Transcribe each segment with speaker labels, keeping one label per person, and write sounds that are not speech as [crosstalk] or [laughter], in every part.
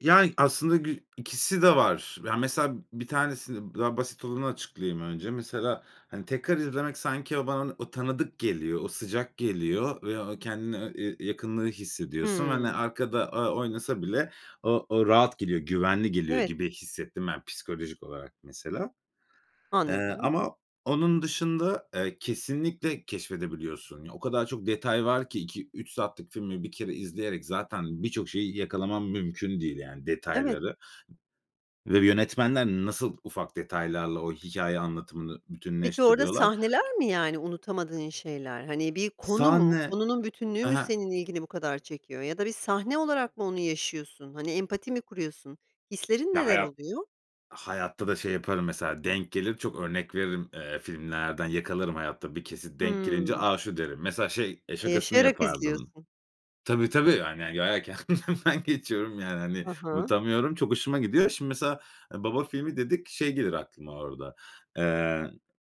Speaker 1: Yani aslında gü ikisi de var. Yani mesela 1 tanesini, daha basit olanı açıklayayım önce. Mesela, hani tekrar izlemek sanki o bana o tanıdık geliyor, o sıcak geliyor ve o kendini e eee, yakınlığı hissediyorsun ve, hani,
Speaker 2: Hıı.
Speaker 1: arkada, ııı, oynasa bile o o rahat geliyor, güvenli geliyor
Speaker 2: Evet.
Speaker 1: gibi hissettim ben psikolojik olarak mesela. Eee,
Speaker 2: Anladım.
Speaker 1: ama onun dışında, eee, kesinlikle keşfedebiliyorsun. O kadar çok detay var ki 2-3 saatlik filmi 1 kere izleyerek zaten birçok şeyi yakalamam mümkün değil yani
Speaker 2: Evet.
Speaker 1: detayları ve yönetmenler nasıl ufak detaylarla o hikâye anlatımını
Speaker 2: Peki orada
Speaker 1: bütünleştiriyorlar
Speaker 2: sahneler mi, yani, unutamadığın şeyler? Hani bir konu mu,
Speaker 1: Sahne,
Speaker 2: konunun bütünlüğü
Speaker 1: hı
Speaker 2: mü
Speaker 1: hı.
Speaker 2: senin ilgini bu kadar çekiyor ya da bir sahne olarak mı onu yaşıyorsun? Hani empati mi kuruyorsun hislerin
Speaker 1: Ya
Speaker 2: neler
Speaker 1: hayat
Speaker 2: oluyor?
Speaker 1: Hayatta da şey yaparım mesela denk gelir çok örnek veririm. Eee, filmlerden yakalarım hayatta bir kesit denk gelince.
Speaker 2: Hımm.
Speaker 1: "A, şu" derim. Mesela şey
Speaker 2: E,
Speaker 1: şakasını
Speaker 2: yaşayarak
Speaker 1: yapardım
Speaker 2: izliyorsun.
Speaker 1: Tabii tabii. Hani yani kendimden geçiyorum [chuckles] yani hani.
Speaker 2: Hı hı.
Speaker 1: Unutamıyorum. Çok hoşuma gidiyor. Şimdi mesela e, "Baba filmi" dedik. Şey gelir aklıma orada: Eee,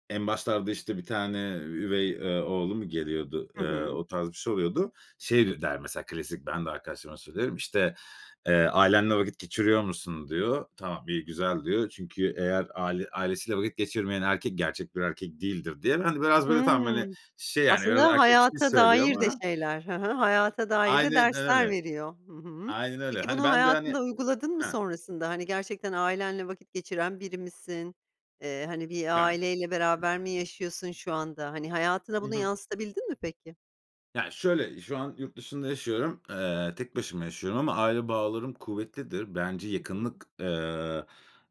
Speaker 1: en başlarda, işte, bir tane üvey, eee, oğlu mu geliyordu?
Speaker 2: Hı
Speaker 1: Eee,
Speaker 2: hı.
Speaker 1: o tarz bir şey oluyordu. Şey der mesela klasik, ben de arkadaşlarıma söylüyorum, işte, eee, "Ailenle vakit geçiriyor musun?" diyor. "Tamam, iyi, güzel." diyor. "Çünkü eğer aile ailesiyle vakit geçirmeyen erkek gerçek bir erkek değildir." diye. Ben de biraz, böyle, tamam, hani,
Speaker 2: Hıı.
Speaker 1: şey yani biraz
Speaker 2: Aslında
Speaker 1: erkeksi
Speaker 2: hayata
Speaker 1: söylüyor
Speaker 2: dair de
Speaker 1: ama
Speaker 2: şeyler Hı hı. hayata dair de
Speaker 1: Aynen
Speaker 2: dersler
Speaker 1: öyle.
Speaker 2: veriyor. Hı hı.
Speaker 1: Aynen öyle.
Speaker 2: Peki
Speaker 1: Hani
Speaker 2: bunu
Speaker 1: ben de, hani
Speaker 2: hayatında uyguladın mı
Speaker 1: Hı.
Speaker 2: sonrasında? Hani gerçekten ailenle vakit geçiren biri misin? Eee, hani bir
Speaker 1: Yani
Speaker 2: aileyle
Speaker 1: Hı.
Speaker 2: beraber mi yaşıyorsun şu anda? Hani hayatına
Speaker 1: Hı
Speaker 2: bunu
Speaker 1: hı.
Speaker 2: yansıtabildin mi peki?
Speaker 1: Yani şöyle, şu an yurt dışında yaşıyorum. Eee, tek başıma yaşıyorum ama aile bağlarım kuvvetlidir. Bence
Speaker 2: Hı hı.
Speaker 1: yakınlık, eee,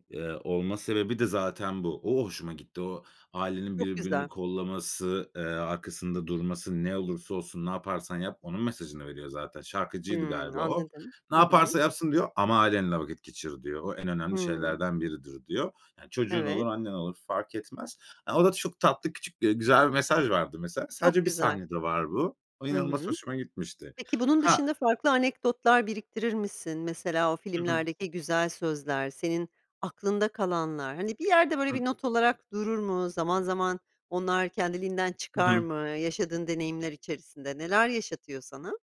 Speaker 1: eee, olma sebebi de zaten bu. O hoşuma gitti. O ailenin
Speaker 2: Çok
Speaker 1: birbirini
Speaker 2: güzel.
Speaker 1: kollaması, eee, arkasında durması ne olursa olsun ne yaparsan yap onun mesajını veriyor zaten. Şarkıcıydı
Speaker 2: Hımm,
Speaker 1: galiba o.
Speaker 2: anladım.
Speaker 1: "Ne
Speaker 2: Hı hı.
Speaker 1: yaparsa yapsın." diyor "Ama ailenle vakit geçir." diyor. "O en önemli
Speaker 2: Hıı.
Speaker 1: şeylerden biridir." diyor. Yani çocuğun olur
Speaker 2: Evet.
Speaker 1: annen olur fark etmez. E, o da çok tatlı, küçük, eee, güzel bir mesaj vardı mesela.
Speaker 2: Çok
Speaker 1: Sadece 1
Speaker 2: güzel.
Speaker 1: sahnede var bu. O
Speaker 2: Hı
Speaker 1: inanılmaz
Speaker 2: hı.
Speaker 1: hoşuma gitmişti.
Speaker 2: Peki bunun
Speaker 1: Ha
Speaker 2: dışında farklı anekdotlar biriktirir misin? Mesela o
Speaker 1: Hı hı.
Speaker 2: filmlerdeki güzel sözler, senin aklında kalanlar, hani bir yerde, böyle,
Speaker 1: Hı.
Speaker 2: bir not olarak durur mu? Zaman zaman onlar kendiliğinden
Speaker 1: Hı
Speaker 2: çıkar
Speaker 1: hı.
Speaker 2: mı yaşadığın deneyimler içerisinde? Neler yaşatıyor sana?